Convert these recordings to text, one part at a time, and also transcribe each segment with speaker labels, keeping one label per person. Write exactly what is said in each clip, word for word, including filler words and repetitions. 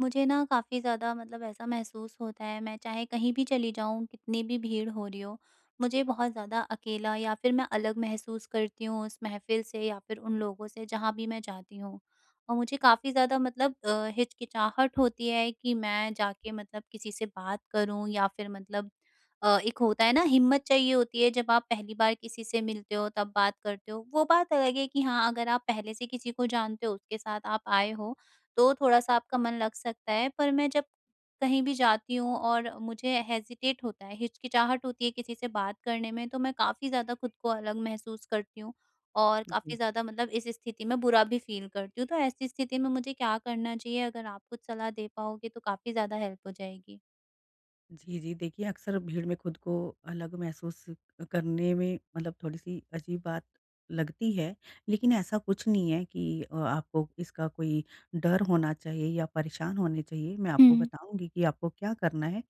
Speaker 1: मुझे ना, काफ़ी ज़्यादा मतलब ऐसा महसूस होता है, मैं चाहे कहीं भी चली जाऊँ, कितनी भी भीड़ हो रही हो, मुझे बहुत ज़्यादा अकेला या फिर मैं अलग महसूस करती हूँ, उस महफ़िल से या फिर उन लोगों से, जहाँ भी मैं जाती हूँ। और मुझे काफ़ी ज़्यादा मतलब अ, हिचकिचाहट होती है कि मैं जाके मतलब किसी से बात करूँ या फिर मतलब अ, एक होता है ना, हिम्मत चाहिए होती है, जब आप पहली बार किसी से मिलते हो, तब बात करते हो। वो बात अलग है कि हाँ, अगर आप पहले से किसी को जानते हो, उसके साथ आप आए हो, तो थोड़ा-सा आपका मन लग सकता है। पर मैं जब कहीं भी जाती हूँ और मुझे हेसिटेट होता है, हिचकिचाहट होती है किसी से बात करने में, तो मैं काफ़ी ज़्यादा खुद को अलग महसूस करती हूँ, और
Speaker 2: हुँ।
Speaker 1: काफ़ी ज़्यादा मतलब इस स्थिति में बुरा भी फ़ील करती हूँ। तो ऐसी स्थिति में मुझे क्या करना चाहिए? अगर आप कुछ सलाह दे पाओगे, तो काफ़ी ज़्यादा हेल्प हो जाएगी।
Speaker 2: जी, जी, देखिए, अक्सर भीड़ में खुद को अलग महसूस करने में, मतलब थोड़ी-सी अजीब बात लगती है। लेकिन ऐसा कुछ नहीं है कि अ, आपको इसका कोई डर होना चाहिए या परेशान होने चाहिए। मैं आपको
Speaker 1: हुँ।
Speaker 2: बताऊँगी कि आपको क्या करना है।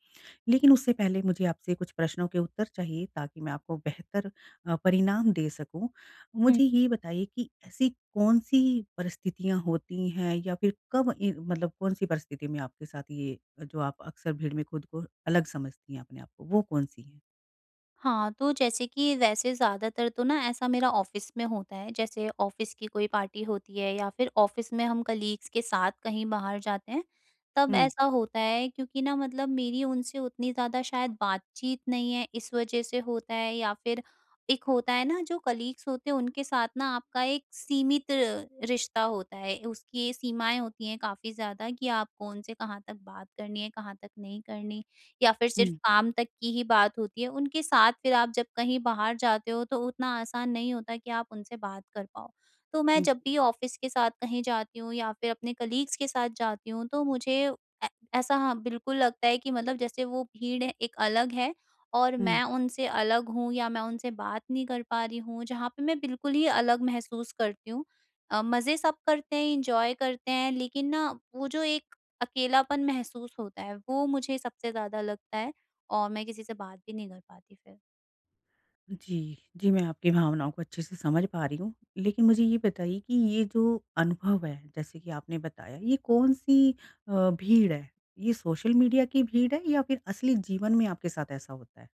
Speaker 2: लेकिन उससे पहले मुझे आपसे कुछ प्रश्नों के उत्तर चाहिए, ताकि मैं आपको बेहतर अ, परिणाम दे सकूँ।
Speaker 1: हुँ।
Speaker 2: मुझे ये बताइए कि ऐसी कौन-सी परिस्थितियाँ होती हैं, या फिर कब ए मतलब कौन-सी परिस्थिति में आपके साथ ये, जो आप अक्सर भीड़ में खुद को अलग समझती हैं अपने आप को, वो कौन-सी है?
Speaker 1: हाँ, तो जैसे कि वैसे ज़्यादातर तो ना ऐसा मेरा ऑफ़िस में होता है, जैसे ऑफ़िस की कोई पार्टी होती है या फिर ऑफ़िस में हम कलीग्स के साथ कहीं बाहर जाते हैं, तब
Speaker 2: हुँ।
Speaker 1: ऐसा होता है। क्योंकि ना मतलब मेरी उनसे उतनी ज़्यादा शायद बातचीत नहीं है इस वजह से होता है या फिर एक होता है ना जो कलीग्स होते हैं उनके साथ ना आपका एक सीमित रिश्ता होता है, उसकी सीमाएँ होती हैं काफ़ी ज़्यादा कि आप कौन-से, कहाँ तक बात करनी है, कहाँ तक नहीं करनी या फिर सिर्फ
Speaker 2: हुँ।
Speaker 1: काम तक की ही बात होती है। उनके साथ फिर आप जब कहीं बाहर जाते हो, तो उतना आसान नहीं होता कि आप उनसे बात कर पाओ। तो मैं
Speaker 2: हुँ,
Speaker 1: जब
Speaker 2: जी।
Speaker 1: भी ऑफ़िस के साथ कहीं जाती हूँ या फिर अपने कलीग्स के साथ जाती हूँ, तो मुझे ऐ ऐसा हाँ, बिल्कुल लगता है कि मतलब जैसे वो भीड़ है एक अलग है और
Speaker 2: हुँ।
Speaker 1: मैं उनसे अलग हूँ या मैं उनसे बात नहीं कर पा रही हूँ, जहाँ पे मैं बिल्कुल ही अलग महसूस करती हूँ। अ, मज़े सब करते हैं, एंजॉय करते हैं लेकिन ना वो जो एक अकेलापन महसूस होता है, वो मुझे सबसे ज़्यादा लगता है और मैं किसी से बात ही नहीं कर पाती फिर।
Speaker 2: जी, जी, मैं आपकी भावनाओं को अच्छे से समझ पा रही हूँ। लेकिन मुझे ये बताइए कि ये जो अनुभव है, जैसे कि आपने बताया ये कौन-सी अ, भीड़ है? ये सोशल मीडिया की भीड़ है या फिर असली जीवन में आपके साथ ऐसा होता है?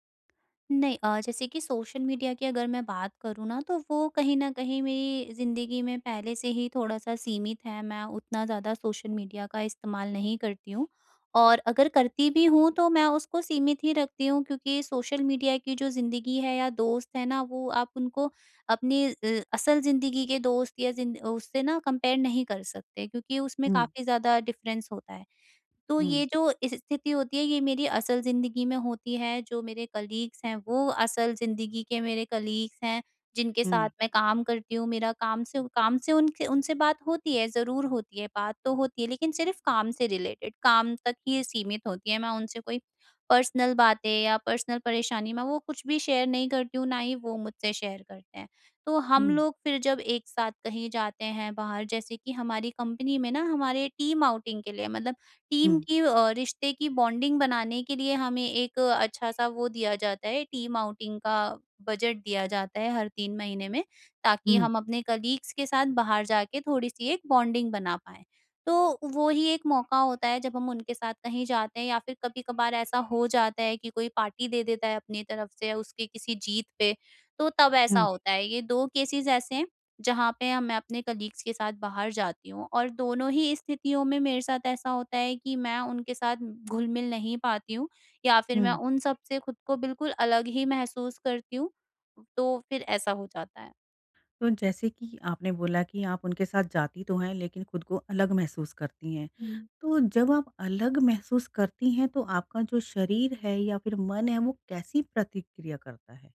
Speaker 1: नहीं अ, जैसे कि सोशल मीडिया की अगर मैं बात करूँ ना, तो वो कहीं न कहीं मेरी ज़िंदगी में पहले से ही थोड़ा-सा सीमित है। मैं उतना ज़्यादा सोशल मीडिया का इस्तेमाल नहीं करती हूँ। और अगर करती भी हूँ, तो मैं उसको सीमित ही रखती हूँ, क्योंकि सोशल मीडिया की जो ज़िंदगी है या दोस्त है ना, वो आप उनको अपनी अ असल ज़िंदगी के दोस्त या जिंद उससे ना कंपेयर नहीं कर सकते। क्योंकि उसमें
Speaker 2: हुँ।
Speaker 1: काफ़ी ज़्यादा डिफरेंस होता है। तो ये
Speaker 2: हुँ।
Speaker 1: जो इस स्थिति होती है ये मेरी असल ज़िंदगी में होती है। जो मेरे कलीग्स हैं वो असल ज़िंदगी के मेरे कलीग्स हैं, जिनके साथ
Speaker 2: हुँ।
Speaker 1: मैं काम करती हूँ। मेरा काम से उ काम से उनसे उनसे बात होती है, ज़रूर होती है बात तो होती है, लेकिन सिर्फ़ काम से रिलेटेड काम तक ही सीमित होती है। मैं उनसे कोई पर्सनल बातें या पर्सनल परेशानी में वो कुछ भी शेयर नहीं करती हूँ, ना ही वो मुझसे शेयर करते हैं। तो हम
Speaker 2: हुँ।
Speaker 1: लोग फिर जब एक साथ कहीं जाते हैं बाहर, जैसे कि हमारी कंपनी में ना, हमारे टीम आउटिंग के लिए मतलब टीम
Speaker 2: हुँ।
Speaker 1: की अ, रिश्ते की बॉन्डिंग बनाने के लिए हमें एक अच्छा सा वो दिया जाता है टीम आउटिंग का बजट दिया जाता है हर तीन महीने में, ताकि
Speaker 2: हुँ।
Speaker 1: हम अपने कलीग्स के साथ बाहर जा के थोड़ी-सी एक बॉन्डिंग बना पाएँ। तो वो ही एक मौका होता है जब हम उनके साथ कहीं जाते हैं या फिर कभी-कभार ऐसा हो जाता है कि कोई पार्टी दे देता है अपनी तरफ़ से, उसकी किसी जीत पे। तो तब ऐसा
Speaker 2: हुँ।
Speaker 1: होता है। ये दो केसेस ऐसे हैं जहाँ पे हाँ मैं अपने कलीग्स के साथ बाहर जाती हूँ। और दोनों ही स्थितियों में मेरे साथ ऐसा होता है कि मैं उनके साथ घुल-मिल नहीं पाती हूँ या फिर मैं
Speaker 2: हुँ।
Speaker 1: उन सब से ख़ुद को बिल्कुल अलग ही महसूस करती हूँ, तो फिर ऐसा हो जाता है।
Speaker 2: तो जैसे कि आपने बोला कि आप उनके साथ जाती तो हैं लेकिन ख़ुद को अलग महसूस करती हैं।
Speaker 1: हुँ।
Speaker 2: तो जब आप अलग महसूस करती हैं तो आपका जो शरीर है या फ़िर मन है वो कैसी प्रतिक्रिया करता है?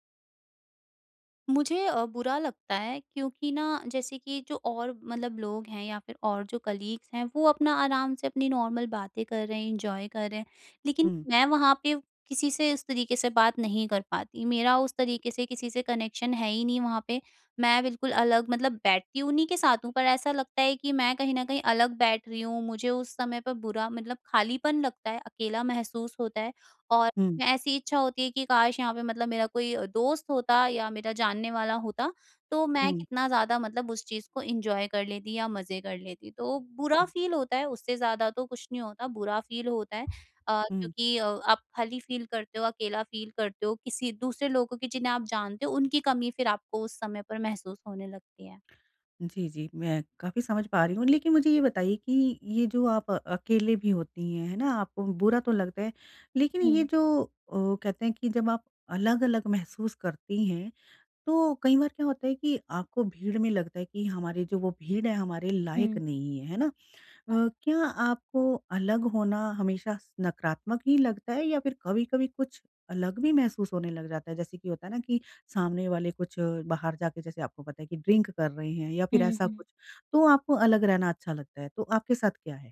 Speaker 1: मुझे अ, बुरा लगता है। क्योंकि ना जैसे कि जो और मतलब लोग हैं या फ़िर और जो कलीग्स हैं वो अपना आराम से अपनी नॉर्मल बातें कर रहे हैं एन्जॉय कर रहे हैं। लेकिन
Speaker 2: हुँ।
Speaker 1: मैं वहाँ पे किसी से उस तरीके से बात नहीं कर पाती मेरा उस तरीके से किसी से कनेक्शन है ही नहीं वहाँ पे। मैं बिल्कुल अलग मतलब बैठती हूँ उन्हीं के साथ हूँ पर ऐसा लगता है कि मैं कहीं न कहीं अलग बैठ रही हूँ मुझे उस समय पर बुरा मतलब खालीपन लगता है। अकेला महसूस होता है और
Speaker 2: हुँ।
Speaker 1: ऐसी इच्छा होती है कि काश यहाँ पे मतलब मेरा अ, कोई दोस्त होता या मेरा जानने वाला होता। तो मैं
Speaker 2: हुँ।
Speaker 1: कितना ज़्यादा मतलब उस चीज़ को एन्जॉय कर लेती या मज़े कर लेती तो बुरा
Speaker 2: हुँ।
Speaker 1: फ़ील होता है उससे ज़्यादा तो कुछ नहीं होता बुरा फ़ील होता है। अ,
Speaker 2: हुँ।
Speaker 1: क्योंकि अ, आप खाली फ़ील करते हो अकेला फ़ील करते हो किसी दूसरे लोगों को जिन्हें आप जानते हो उनकी कमी फ़िर आपको उस समय पर महसूस होने लगती है।
Speaker 2: जी, जी। मैं काफ़ी समझ पा रही हूँ। लेकिन, मुझे ये बताइए कि ये जो आप अकेले भी होती हैं, हैं ना? आपको बुरा तो लगता है, लेकिन ये
Speaker 1: हुँ।
Speaker 2: जो अ, कहते हैं कि जब आप अलग-अलग महसूस करती हैं। तो कई बार क्या होता है कि आपको भीड़ में लगता है कि हमारे जो वो भीड़ है हमारे लायक
Speaker 1: हुँ।
Speaker 2: नहीं है। है ना? अ,
Speaker 1: हाँ।
Speaker 2: क्या आपको अलग होना हमेशा स नकारात्मक ही लगता है या फ़िर कभी-कभी कुछ अलग भी महसूस होने लग जाता है जैसे कि होता है ना कि सामने वाले कुछ बाहर जाके जैसे आपको पता है कि ड्रिंक कर रहे हैं। या फ़िर
Speaker 1: हुँ,
Speaker 2: ऐसा
Speaker 1: हुँ।
Speaker 2: कुछ तो आपको अलग रहना अच्छा लगता है। तो आपके साथ क्या है?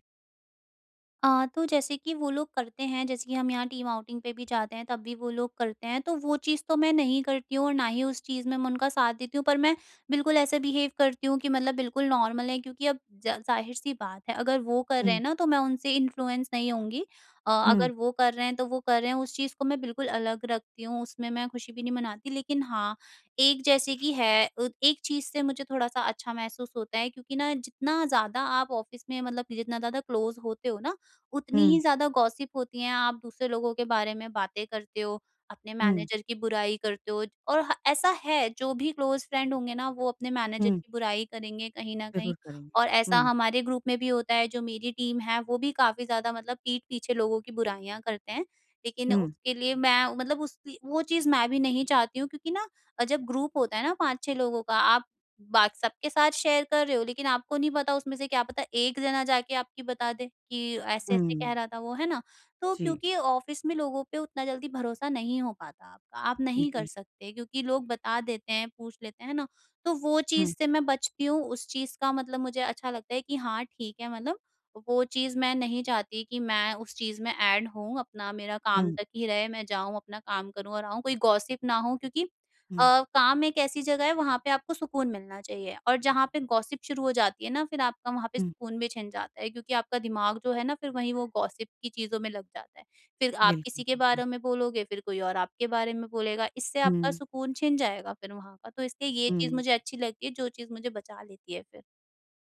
Speaker 1: आ तो जैसे कि वो लोग करते हैं, जैसे कि हम यहाँ टीम आउटिंग पे भी जाते हैं, तब भी वो लोग करते हैं। तो वो चीज़ तो मैं नहीं करती हूँ और ना ही उस चीज़ में मैं उनका साथ देती हूँ। पर मैं बिल्कुल ऐसे बिहेव करती हूँ कि मतलब बिल्कुल नॉर्मल है, क्योंकि अब ज ज़ाहिर-सी बात है, अगर वो कर रहे
Speaker 2: हुँ।
Speaker 1: हैं ना, तो मैं उनसे इन्फ्लुएंस नहीं होऊँगी। अ,
Speaker 2: हुँ।
Speaker 1: अगर वो कर रहे हैं, तो वो कर रहे हैं, उस चीज़ को मैं बिल्कुल अलग रखती हूँ। उसमें मैं खुशी भी नहीं मनाती, लेकिन हाँ, एक जैसे कि है, अत एक चीज़ से मुझे थोड़ा-सा अच्छा महसूस होता है, क्योंकि ना, जितना ज़्यादा आप ऑफ़िस में मतलब जितना ज़्यादा क्लोज़ होते हो ना, उतनी
Speaker 2: हुँ।
Speaker 1: ही ज़्यादा गॉसिप होती हैं। आप दूसरे लोगों के बारे में बातें करते हो, अपने
Speaker 2: हुँ।
Speaker 1: मैनेजर की बुराई करते हो, और ह ऐसा है, जो भी क्लोज़ फ्रेंड होंगे ना, वो अपने मैनेजर
Speaker 2: हुँ।
Speaker 1: की बुराई करेंगे कहीं न कहीं।
Speaker 2: ज़रूर करेंगे।
Speaker 1: और ऐसा
Speaker 2: हुँ।
Speaker 1: हमारे ग्रुप में भी होता है, जो मेरी टीम है, वो भी काफ़ी ज़्यादा मतलब पीठ पीछे लोगों की बुराइयाँ करते हैं। लेकिन
Speaker 2: हुँ।
Speaker 1: उसके लिए मैं मतलब उसकी वो चीज़ मैं भी नहीं चाहती हूँ, क्योंकि ना अ, जब ग्रुप होता है ना पाँच छह लोगों का, आप बात सबके साथ शेयर कर रहे हो, लेकिन आपको नहीं पता उसमें से क्या पता एक जना जाके आपकी बता दे कि, "ऐसे-ऐसे कह
Speaker 2: हुँ।
Speaker 1: रहा था वो।" है ना? तो
Speaker 2: जी।
Speaker 1: क्योंकि ऑफ़िस में लोगों पे उतना जल्दी भरोसा नहीं हो पाता, आप नहीं कर
Speaker 2: जी।
Speaker 1: सकते, क्योंकि लोग बता देते हैं, पूछ लेते हैं, है ना? तो वो
Speaker 2: हुँ।
Speaker 1: चीज़ से मैं बचती हूँ। उस चीज़ का मतलब मुझे अच्छा लगता है कि हाँ, ठीक है। मतलब वो चीज़ मैं नहीं चाहती कि मैं उस चीज़ में एड होऊँ, अपना मेरा काम
Speaker 2: हुँ।
Speaker 1: तक ही रहे। मैं जाऊँ, अपना काम करूँ, और आऊँ। कोई गॉसिप ना हो, क्योंकि
Speaker 2: हुँ।
Speaker 1: अ, काम एक ऐसी जगह है, वहाँ पे आपको सुकून मिलना चाहिए। और जहाँ पे गॉसिप शुरू हो जाती है ना, फिर आपका वहाँ पे
Speaker 2: हुँ।
Speaker 1: सुकून भी छिन जाता है, क्योंकि आपका दिमाग जो है ना, फिर वहीं वो गॉसिप की चीज़ों में लग जाता है। फिर आप
Speaker 2: बिल्कुल,
Speaker 1: किसी के
Speaker 2: बिल्कुल।
Speaker 1: बारे में बोलोगे, फिर कोई और आपके बारे में बोलेगा, इससे आपका
Speaker 2: हुँ।
Speaker 1: सुकून छिन जाएगा फिर वहाँ पर। तो इसलिए ये चीज़
Speaker 2: हुँ।
Speaker 1: मुझे अच्छी लगती है, जो चीज़ मुझे बचा लेती है फिर।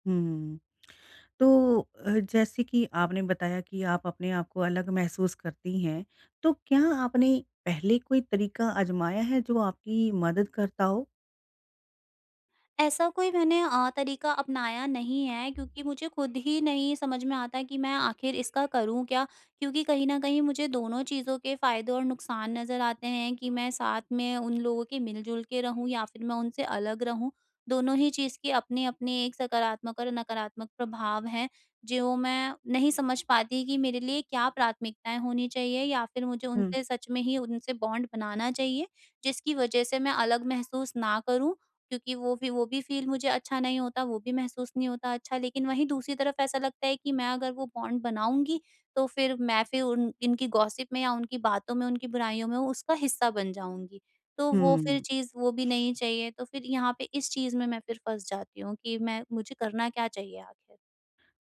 Speaker 2: हुँ। तो अ, जैसे कि आपने बताया कि आप अपने आप को अलग महसूस करती हैं, तो क्या आपने पहले कोई तरीका आज़माया है, जो आपकी मदद करता हो?
Speaker 1: ऐसा कोई मैंने अ, तरीका अपनाया नहीं है। क्योंकि मुझे खुद ही नहीं समझ में आता कि मैं आखिर इसका करूँ क्या? क्योंकि कहीं न कहीं मुझे दोनों चीज़ों के फायदे और नुकसान नज़र आते हैं, कि मैं साथ में उन लोगों के मिल-जुल के रहूँ या फिर मैं उनसे अलग रहूँ। दोनों ही चीज़ के अपने-अपने एक सकारात्मक और नकारात्मक प्रभाव हैं। ज्यों मैं नहीं समझ पाती कि मेरे लिए क्या प्राथमिकताएँ होनी चाहिए या फिर मुझे
Speaker 2: हुँ।
Speaker 1: उनसे सच में ही उनसे बॉन्ड बनाना चाहिए। जिसकी वजह से मैं अलग महसूस ना करूँ, क्योंकि वो भी वो भी फील मुझे अच्छा नहीं होता, वो भी महसूस नहीं होता अच्छा। लेकिन वहीं दूसरी तरफ ऐसा लगता है कि मैं अगर वो बॉन्ड बनाऊँगी, तो फिर मैं फिर उन इनकी गॉसिप में या उनकी बातों में, उनकी बुराइयों में उसका हिस्सा बन जाऊँगी। तो वो फिर
Speaker 2: हुँ।
Speaker 1: चीज़ वो भी नहीं चाहिए। तो फिर यहाँ पे इस चीज़ में मैं फिर फँस जाती हूँ कि मैं मुझे करना क्या चाहिए आखिर?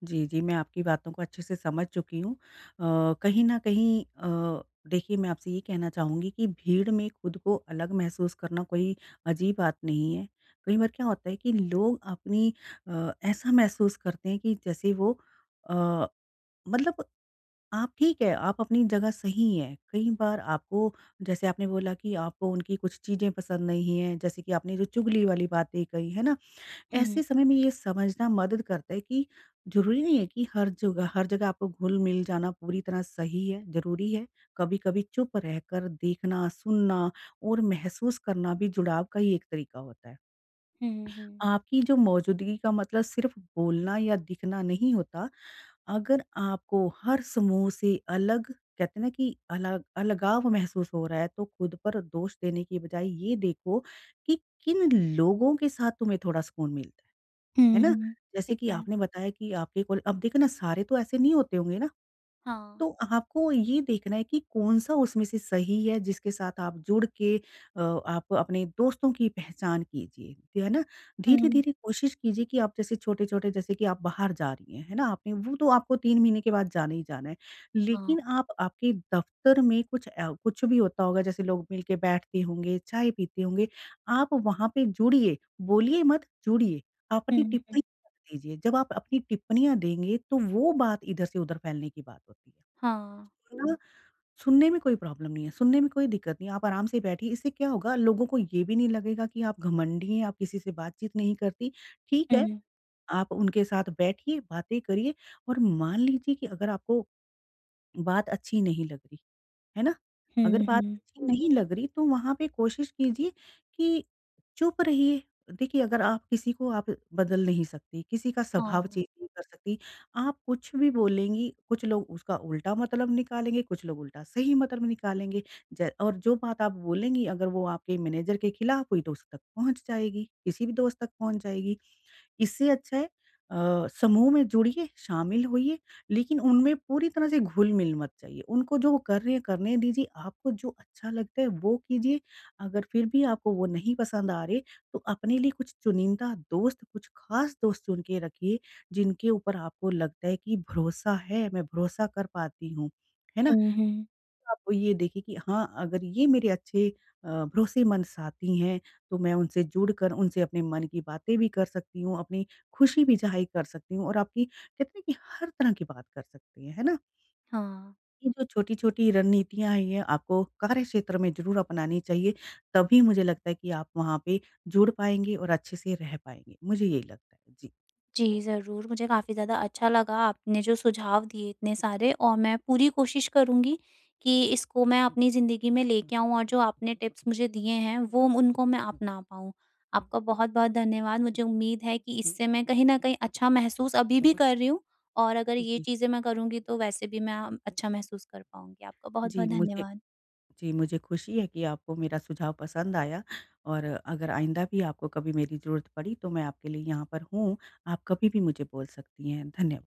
Speaker 2: जी, जी, मैं आपकी बातों को अच्छे से समझ चुकी हूँ। अ, कहीं न कहीं अ, देखिए मैं आपसे ये कहना चाहूँगी कि भीड़ में खुद को अलग महसूस करना कोई अजीब बात नहीं है। कई बार क्या होता है कि लोग अपनी अ, ऐसा महसूस करते हैं कि जैसे वो अ, मतलब आप ठीक है, आप अपनी जगह सही हैं। कई बार आपको जैसे आपने बोला कि आपको उनकी कुछ चीज़ें पसंद नहीं है, जैसे कि आपने जो चुगली वाली बातें कही है ना?
Speaker 1: हुँ, हुँ।
Speaker 2: ऐसे समय में ये समझना मदद करता है कि ज़रूरी नहीं है कि हर जगह हर जगह आपको घुल मिल जाना पूरी तरह सही है, ज़रूरी है। कभी-कभी चुप रहकर देखना, सुनना और महसूस करना भी, जुड़ाव का ही एक तरीका होता है।
Speaker 1: हुँ, हुँ, हुँ।
Speaker 2: आपकी जो मौजूदगी का मतलब सिर्फ बोलना या दिखना नहीं होता। अगर आपको हर समूह से अलग कहते हैं ना कि अलग अलगाव महसूस हो रहा है तो खुद पर दोष देने की बजाए, ये देखो कि किन लोगों के साथ तुम्हें थोड़ा सुकून मिलता है। है
Speaker 1: हुँ,
Speaker 2: ना?
Speaker 1: हुँ,
Speaker 2: जैसे
Speaker 1: ठीक
Speaker 2: कि
Speaker 1: है।
Speaker 2: आपने बताया कि आपके कॉल अब देखो ना सारे तो ऐसे नहीं होते होंगे ना?
Speaker 1: हाँ।
Speaker 2: तो आपको ये देखना है कि कौन-सा उसमें से सही है, जिसके साथ आप जुड़ के अ, आप अपने दोस्तों की पहचान कीजिए। है ना?
Speaker 1: हुँ।
Speaker 2: धीरे-धीरे कोशिश कीजिए कि आप जैसे छोटे-छोटे जैसे कि आप बाहर जा रही हैं, है ना? आपने वो तो आपको तीन महीने के बाद जाना ही जाना है।
Speaker 1: हाँ।
Speaker 2: लेकिन आप आपके दफ्तर में कुछ अ, कुछ भी होता होगा जैसे लोग मिलके बैठते होंगे, चाय पीते होंगे। आप वहाँ पे जुड़िए, बोलिए मत जुड़िए। आप
Speaker 1: हुँ,
Speaker 2: अपनी टिप्पणी
Speaker 1: हुँ।
Speaker 2: मत दीजिए, जब आप अपनी टिप्पणियाँ देंगे तो वो बात इधर से उधर फैलने की बात होती है।
Speaker 1: हाँ।
Speaker 2: [unintelligible] अ, सुनने में कोई प्रॉब्लम नहीं है। सुनने में कोई दिक्कत नहीं है, आप आराम से बैठिए, इससे क्या होगा लोगों को ये भी नहीं लगेगा कि आप घमंडी हैं, आप किसी से बातचीत नहीं करती। ठीक है,
Speaker 1: हुँ।
Speaker 2: आप उनके साथ बैठिए, बातें करिए और मान लीजिए कि अगर आपको बात अच्छी नहीं लग रही है ना? अगर
Speaker 1: हुँ,
Speaker 2: बात
Speaker 1: हुँ।
Speaker 2: अच्छी नहीं लग रही, तो वहाँ पे कोशिश कीजिए कि चुप रहिए, देखिए अगर आप किसी को आप बदल नहीं सकती, किसी का स्वभाव
Speaker 1: हाँ।
Speaker 2: चेंज नहीं कर सकती। आप कुछ भी बोलेंगी, कुछ लोग उसका उल्टा मतलब निकालेंगे, कुछ लोग उल्टा सही मतलब निकालेंगे। ज और जो बात आप बोलेंगी अगर वो आपके मैनेजर के खिलाफ हुई तो उस तक पहुँच जाएगी, किसी भी दोस्त तक पहुँच जाएगी। इससे अच्छा है अ, समूह में जुड़िए, शामिल होइए, लेकिन उनमें पूरी तरह से घुल-मिल मत जाइये। उनको जो वो कर रहे हैं करने दीजिए, आपको जो अच्छा लगता है वो कीजिए अगर फिर भी आपको वो नहीं पसंद आ रहे, तो अपने लिए कुछ चुनिंदा दोस्त, कुछ खास दोस्त चुन के रखिए, जिनके ऊपर आपको लगता है कि भरोसा है, मैं भरोसा कर पाती हूँ, है ना?
Speaker 1: हुँ, हुँ।
Speaker 2: आप ये देखिए कि हाँ अगर ये मेरे अच्छे अ, भरोसेमंद साथी हैं, तो मैं उनसे जुड़कर उनसे अपने मन की बातें भी कर सकती हूँ, अपनी खुशी भी ज़ाहिर कर सकती हूँ और आपकी कहते है ना की हर तरह की बात कर सकती हैं, है ना?
Speaker 1: हाँ।
Speaker 2: ये जो छोटी-छोटी रणनीतियाँ हैं, ये आपको कार्यक्षेत्र में ज़रूर अपनानी चाहिए, तभी मुझे लगता है कि आप वहाँ पे जुड़ पाएँगे और अच्छे से रह पाएँगे, मुझे यही लगता है जी।
Speaker 1: जी ज़रूर, मुझे काफ़ी ज़्यादा अच्छा लगा आपने जो सुझाव दिए इतने सारे और मैं पूरी कोशिश करूँगी कि इसको मैं अपनी ज़िंदगी में लेके आऊँ और जो आपने टिप्स मुझे दिए हैं, वो, उनको मैं अपना पाऊँ। आपका बहुत-बहुत धन्यवाद मुझे उम्मीद है कि इससे मैं कहीं न कहीं अच्छा महसूस अभी भी कर रही हूँ, और अगर ये
Speaker 2: जी।
Speaker 1: चीज़ें मैं करूँगी तो वैसे भी मैं अ, अच्छा महसूस कर पाऊँगी आपका
Speaker 2: जी
Speaker 1: बहुत-बहुत
Speaker 2: मुझे
Speaker 1: धन्यवाद।
Speaker 2: जी मुझे खुशी है कि आपको मेरा सुझाव पसंद आया और अगर आइंदा भी आपको कभी मेरी ज़रूरत पड़ी, तो मैं आपके लिए यहाँ पर हूँ। आप कभी भी मुझे बोल सकती हैं। धन्य